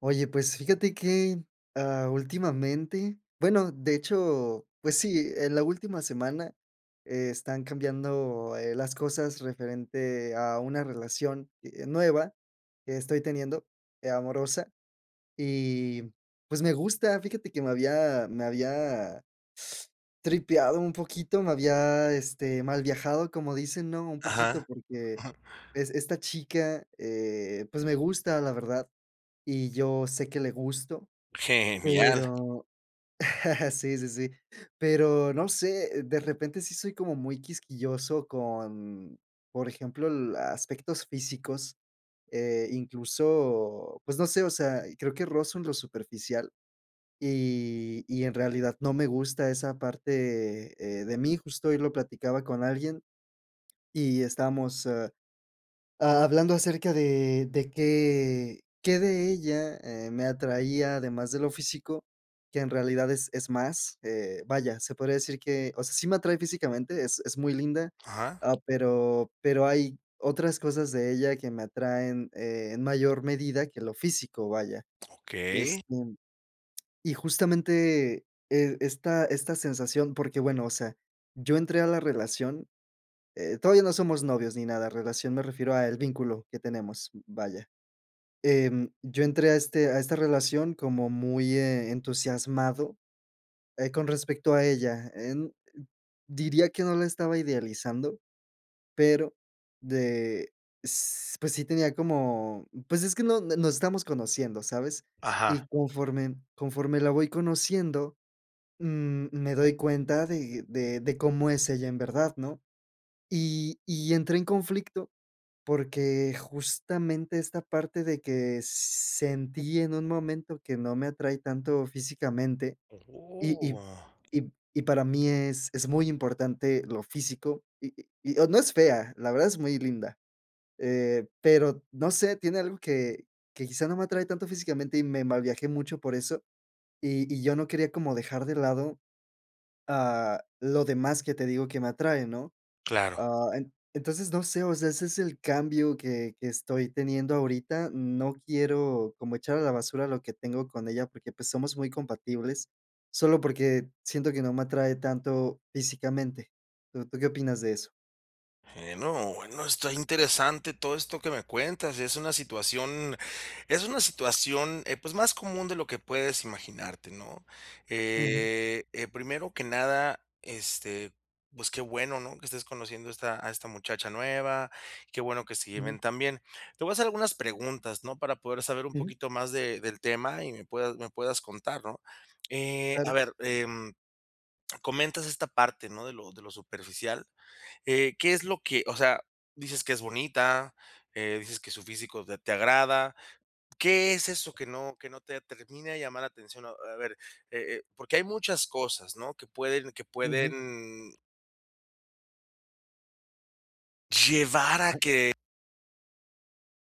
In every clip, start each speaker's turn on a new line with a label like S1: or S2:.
S1: Oye, pues fíjate que, ah, últimamente bueno, de hecho, pues sí, en la última semana están cambiando, eh, las cosas, referente a una relación, eh, nueva que estoy teniendo, eh, amorosa. Y, pues, me gusta. Fíjate que me había me había tripeado un poquito, me había, este, mal viajado, como dicen, ¿no? Un poquito,
S2: Ajá.
S1: porque, es esta chica, eh, pues, me gusta la verdad, y yo sé que le gusto,
S2: Genial.
S1: pero sí, sí, sí. Pero no sé de repente sí, soy como muy quisquilloso con, por ejemplo, la aspectos físicos, eh, incluso, pues, no sé, o sea, creo que rozo en lo superficial. Y y en realidad no me gusta esa parte, eh, de mí. Justo hoy lo platicaba con alguien y estamos, ah, hablando acerca de de qué qué de ella, eh, me atraía además de lo físico, que en realidad es es más, eh, vaya, se podría decir que, o sea, sí me atrae físicamente, es es muy linda.
S2: Ajá.
S1: Ah, pero pero hay otras cosas de ella que me atraen, eh, en mayor medida que lo físico, vaya.
S2: Okey.
S1: Este, y justamente, eh, esta esta sensación porque bueno o sea, yo entré a la relación, eh, todavía no somos novios ni nada, relación, me refiero al vínculo que tenemos, vaya. Em, yo entré a este a esta relación como muy, eh, entusiasmado, eh, con respecto a ella, eh, diría que no la estaba idealizando. Pero de s pues, sí tenía como, pues, es que no, nos estamos conociendo, ¿sabes?
S2: Ajá.
S1: Y conforme conforme la voy conociendo, mm, me doy cuenta de de de cómo es ella en verdad, ¿no? Y y entré en conflicto, porque justamente esta parte de que sentí en un momento que no me atrae tanto físicamente, y
S2: ¡Oh,
S1: y
S2: ah!
S1: y y para mí es es muy importante lo físico, y y, o no es fea, la verdad es muy linda, eh, pero no sé, tiene algo que que quizá, no me atrae tanto físicamente. Y me mal viajé mucho por eso, y y, yo no quería como dejar de lado, ah, lo demás que te digo que me atrae, ¿no?
S2: Claro.
S1: Ah, en entonces, no sé, o sea, ese es el cambio que que estoy teniendo ahorita. No quiero como echar a la basura lo que tengo con ella, porque, pues, somos muy compatibles solo porque siento que no me atrae tanto físicamente. ¿Tú tú qué opinas de eso?
S2: Eh, no, no. Está interesante todo esto que me cuentas. Es una situación es una situación, eh, pues más común de lo que puedes imaginarte, ¿no?
S1: Ujú.
S2: Eh, eh, primero que nada, este, pues qué bueno, ¿no?, que estés conociendo a esta a esta muchacha nueva, qué bueno que se
S1: Ujú.
S2: lleven tan bien. Te voy a hacer algunas preguntas, ¿no?, para poder saber un
S1: Ujú.
S2: poquito más de del tema y me puedas me puedas contar, ¿no? Eh, a
S1: Claro.
S2: ver, em, comentas esta parte, ¿no?, de lo de lo superficial, eh, ¿qué es lo que, o sea dices que es bonita, eh, dices que su físico de te agrada, ¿qué es eso que no que no te termina de llamar la atención?, eh, a ver, eh eh porque hay muchas cosas, ¿no?, que pueden que
S1: Ujú.
S2: pueden llevar a
S1: [unintelligible]
S2: que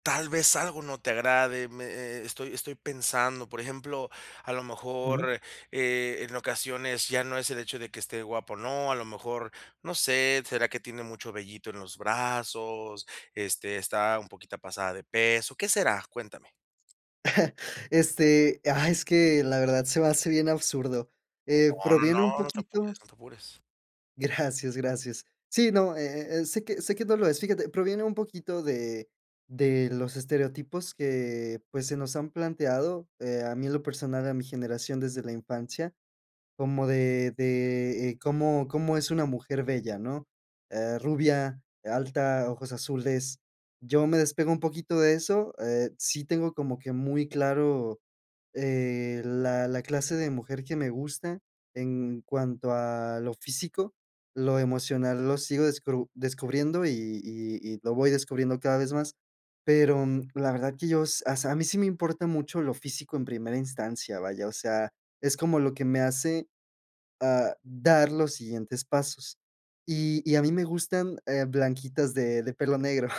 S2: tal vez algo no te agrade. Me eh eh estoy estoy pensando, por ejemplo, a lo
S1: Ujú.
S2: mejor, eh, en ocasiones ya no es el hecho de que esté guapa o no, a lo mejor, no sé, será que tiene mucho vellito en los brazos, este, está un poquito pasada de peso. ¿Qué será? Cuéntame.
S1: Este, ah, es que la verdad se me hace bien absurdo, eh,
S2: No, no,
S1: proviene un
S2: no, no te
S1: poquito
S2: apures no te apures.
S1: Gracias, gracias. Sí, no, eh eh, sé que sé que no lo es. Fíjate, proviene un poquito de de los estereotipos que pues, se nos han planteado, eh, a mí en lo personal, a mi generación desde la infancia como de de, eh, cómo cómo es una mujer bella, ¿no?, eh, rubia alta, ojos azules. Yo me despego un poquito de eso, eh, sí, tengo como que muy claro, eh, la la clase de mujer que me gusta en cuanto a lo físico, lo emocional lo sigo descru descubriendo y y y lo voy descubriendo cada vez más. Pero, mm, la verdad que yo s as a mí sí me importa mucho lo físico en primera instancia, vaya, o sea, es como lo que me hace, ah, dar los siguientes pasos. Y y a mí me gustan, eh, blanquitas de de pelo negro.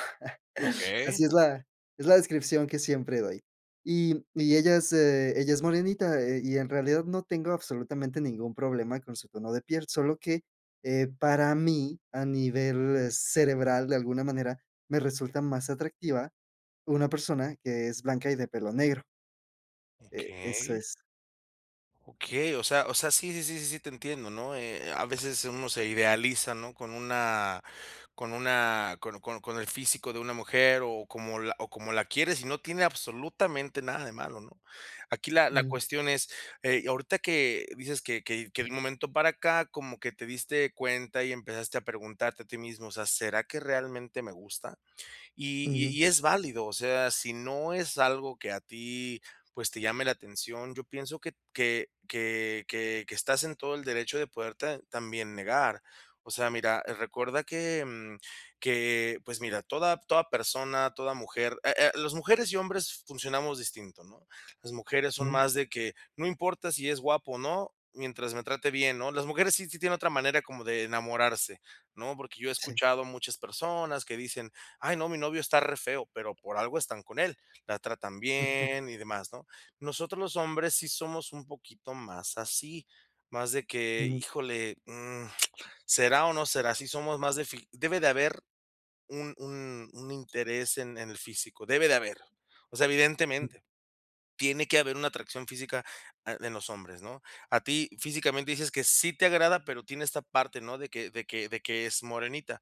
S1: Así
S2: Okey.
S1: es la es la descripción que siempre doy. Y y ella es, eh, ella es morenita, eh y en realidad no tengo absolutamente ningún problema con su tono de piel, solo que, eh, para mí, a nivel cerebral, de alguna manera me resulta más atractiva, una persona que es blanca y de pelo negro. Eh, eso
S2: Okey.
S1: es.
S2: Okey o sea o sea, sí, sí, sí, sí, sí, te entiendo, ¿no? Eh, a veces uno se idealiza, ¿no?, con una con una, con con con el físico de una mujer o como o como la quieres y no tiene absolutamente nada de malo, ¿no? Aquí la la
S1: Ujú.
S2: cuestión es, eh, ahorita que dices que que que de un momento para acá, como que te diste cuenta y empezaste a preguntarte a ti mismo, o sea: "¿Será que realmente me gusta?", y y
S1: Ujú.
S2: y es válido, o sea, si no es algo que a ti pues, te llame la atención, yo pienso que que que que que estás en todo el derecho de poderte, ah, también negar. O sea, mira, recuerda que, mm, que, pues mira, toda toda persona, toda mujer, eh, ah, las mujeres y hombres funcionamos distintos, ¿no? Las mujeres son
S1: Mm.
S2: más de que no importa si es guapo o no, mientras me trate bien, ¿no? Las mujeres sí sí tienen otra manera como de enamorarse, ¿no?, porque yo he
S1: Sí.
S2: escuchado muchas personas que dicen: "Ay, no, mi novio está re feo.", pero por algo están con él, la tratan
S1: Ujú.
S2: bien y demás, ¿no? Nosotros, los hombres sí somos un poquito más así, más de que:
S1: Ujú.
S2: "Híjole, mm, ¿será o no será?", sí somos más de fi debe de haber un un un interés en en el físico, debe de haber, o sea,
S1: Sí.
S2: evidentemente, tiene que haber una atracción física, ah, en los hombres, ¿no? A ti físicamente dices que sí te agrada, pero tiene esta parte, ¿no?, de que de que de que es morenita.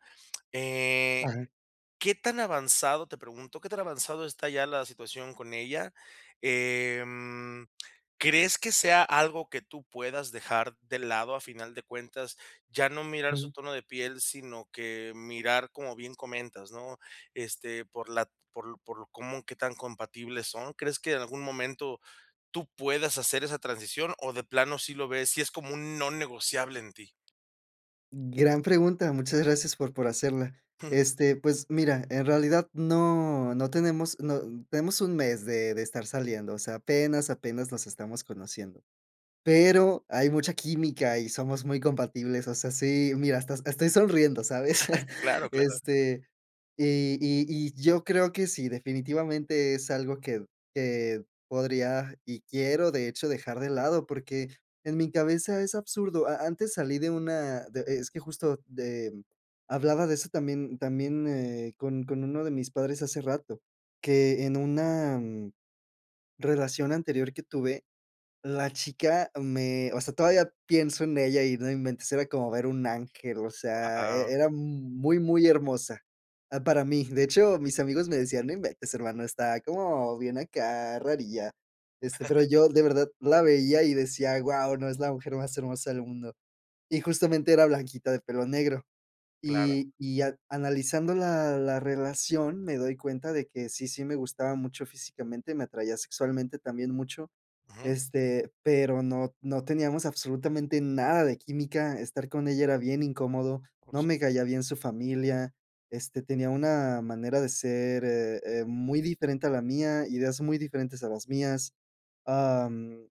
S2: Eh,
S1: Ajá.
S2: ¿qué tan avanzado?, te pregunto, ¿qué tan avanzado está ya la situación con ella? Em, ¿crees que sea algo que tú puedas dejar de lado a final de cuentas, ya no mirar su
S1: Ujú.
S2: tono de piel?, sino que mirar como bien comentas, ¿no?, este, por la por por cómo, ¿qué tan compatibles son? ¿Crees que en algún momento, tú puedas hacer esa transición, o de plano, si lo ves y es como un no negociable en ti?
S1: Gran pregunta. Muchas gracias por por hacerla. Este, pues mira, en realidad no no tenemos, no, tenemos 1, mes de de estar saliendo. O sea, apenas apenas nos estamos conociendo, pero, hay mucha química y somos muy compatibles. O sea, sí, mira hasta estoy sonriendo, ¿sabes?
S2: Claro, claro.
S1: Este, y y y yo creo que sí, definitivamente es algo que que podría, y quiero de hecho dejar de lado, porque en mi cabeza es absurdo. A antes salí de una de es que justo, de hablaba de eso también también, eh, con con uno de mis padres hace rato. Que en una, mm, relación anterior que tuve, la chica me, o sea, todavía pienso en ella y no inventes, era como ver un ángel. O sea,
S2: Wao.
S1: e era m muy, muy hermosa, ah, para mí. De hecho, mis amigos me decían: "no inventes hermano, está como bien acá, rarilla". Este, pero yo de verdad, la veía y decía: "guau, ¿no? Es la mujer más hermosa del mundo". Y justamente era blanquita, de pelo negro.
S2: Claro.
S1: Y y, a analizando la la relación, me doy cuenta de que sí sí, me gustaba mucho físicamente. Me atraía sexualmente, también mucho.
S2: Ujú.
S1: Este, pero no no teníamos absolutamente nada de química. Estar con ella era bien incómodo.
S2: Por
S1: No
S2: sup
S1: me caía bien su familia. Este, tenía una manera de ser, eh eh, muy diferente a la mía. Ideas muy diferentes a las mías. Am,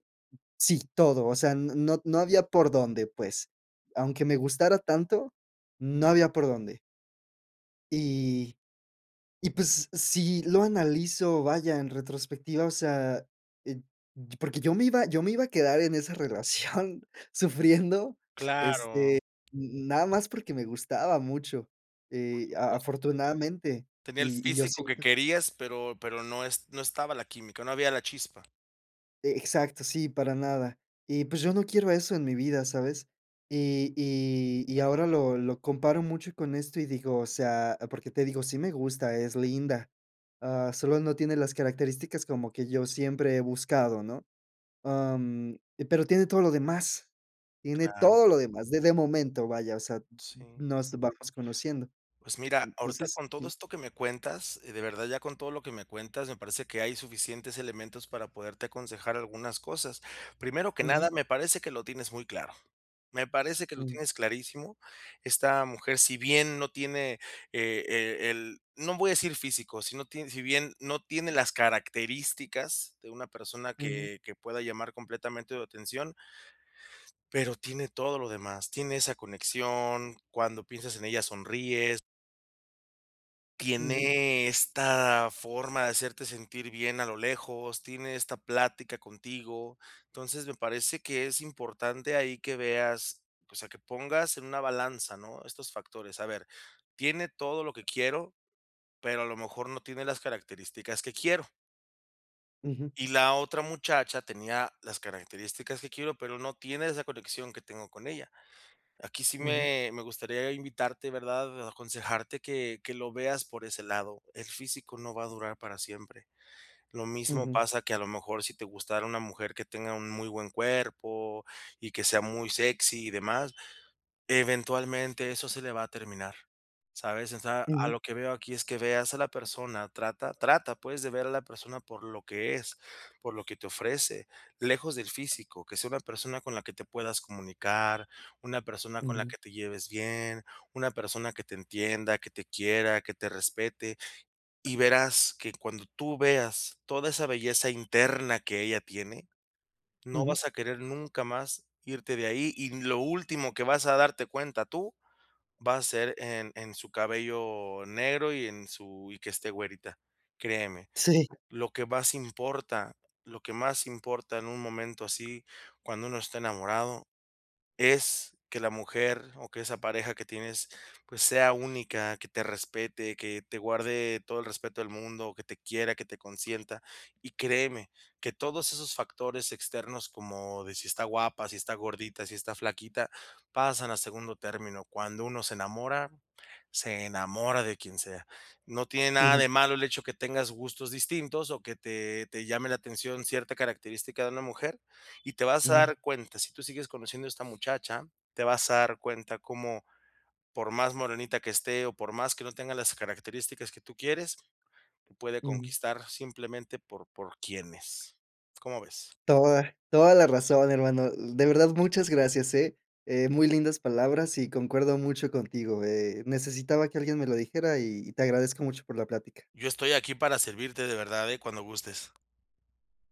S1: sí, todo. O sea, no no había por dónde, pues, aunque me gustara tanto, no había por dónde. Y, y pues sí lo analizo, vaya, en retrospectiva, o sea, eh, t porque yo me iba yo me iba a quedar en esa relación sufriendo, este,
S2: Claro.
S1: na nada más porque me gustaba mucho,
S2: Por
S1: eh, a
S2: supuesto.
S1: afortunadamente,
S2: Tenía el
S1: y y yo
S2: físico que
S1: siento
S2: querías, pero pero no es no estaba la química, no había la chispa.
S1: E exacto. Sí, para nada. Y pues yo no quiero eso en mi vida, ¿sabes?, y y y ahora lo lo comparo mucho con esto y digo o sea, porque te digo, sí, me gusta, es linda. Ah, solo no tiene las características como que yo siempre he buscado, ¿no? Am, pero tiene todo lo demás. Tiene
S2: Claro.
S1: todo lo demás de de momento, vaya, o sea, n n
S2: Sí.
S1: nos vamos conociendo.
S2: Pues mira, ahorita
S1: Entonces
S2: con todo
S1: sí.
S2: esto que me cuentas y de verdad, ya con todo lo que me cuentas, me parece que hay suficientes elementos para poderte aconsejar algunas cosas. Primero que nada,
S1: Ujú.
S2: me parece que lo tienes muy claro. Me parece que lo
S1: Mm.
S2: tienes clarísimo. Esta mujer, si bien no tiene eh -eh el, no voy a decir físico, si no ti si bien no tiene las características de una persona
S1: Ujú.
S2: que que pueda llamar completamente tu atención pero tiene todo lo demás. Tiene esa conexión, cuando piensas en ella, sonríes
S1: Ujú.
S2: Tiene esta forma de hacerte sentir bien a lo lejos, tiene esta plática contigo, entonces me parece que es importante ahí que veas, o sea, que pongas en una balanza, ¿no?, estos factores. A ver, tiene todo lo que quiero, pero a lo mejor no tiene las características que quiero.
S1: Ujú.
S2: Y la otra muchacha tenía las características que quiero, pero no tiene esa conexión que tengo con ella. Aquí sí
S1: Ujú.
S2: me me gustaría invitarte, ¿verdad?, aconsejarte que que lo veas por ese lado, el físico no va a durar para siempre. Lo mismo
S1: Ujú.
S2: pasa que a lo mejor si te gustara una mujer que tenga un muy buen cuerpo y que sea muy sexy y demás, eventualmente eso se le va a terminar, ¿sabes?, o sea, a
S1: Ujú.
S2: lo que veo aquí es que veas a la persona trata trata pues de ver a la persona por lo que es, por lo que te ofrece, lejos del físico, que sea una persona con la que te puedas comunicar, una persona con la
S1: Ujú.
S2: que te lleves bien, una persona que te entienda, que te quiera, que te respete y verás que cuando tú veas toda esa belleza interna que ella tiene, no
S1: Ujú.
S2: vas a querer nunca más irte de ahí, y lo último que vas a darte cuenta tú, va a ser en en su cabello negro y en su y que esté güerita. Créeme,
S1: Sí.
S2: lo que más importa lo que más importa en un momento así, cuando uno esté enamorado es que la mujer, o que esa pareja que tienes pues, sea única, que te respete, que te guarde todo el respeto del mundo o que te quiera, que te consienta y créeme que todos esos factores externos como de si está guapa, si está gordita, si está flaquita, pasan a segundo término cuando uno se enamora, se enamora de quien sea. No tiene nada
S1: Ujú.
S2: de malo el hecho de que tengas gustos distintos, o que te te llame la atención cierta característica de una mujer, y te vas a
S1: Ujú.
S2: dar cuenta si tú sigues conociendo a esta muchacha, te vas a dar cuenta cómo por más morenita que esté, o por más que no tenga las características que tú quieres, te puede
S1: Ujú.
S2: conquistar simplemente por por quién es, ¿cómo ves?
S1: Toda toda la razón, hermano, de verdad muchas gracias, eh eh muy lindas palabras y concuerdo mucho contigo, eh, necesitaba que alguien me lo dijera y y te agradezco mucho por la plática.
S2: Yo estoy aquí para servirte de verdad, eh, cuando gustes.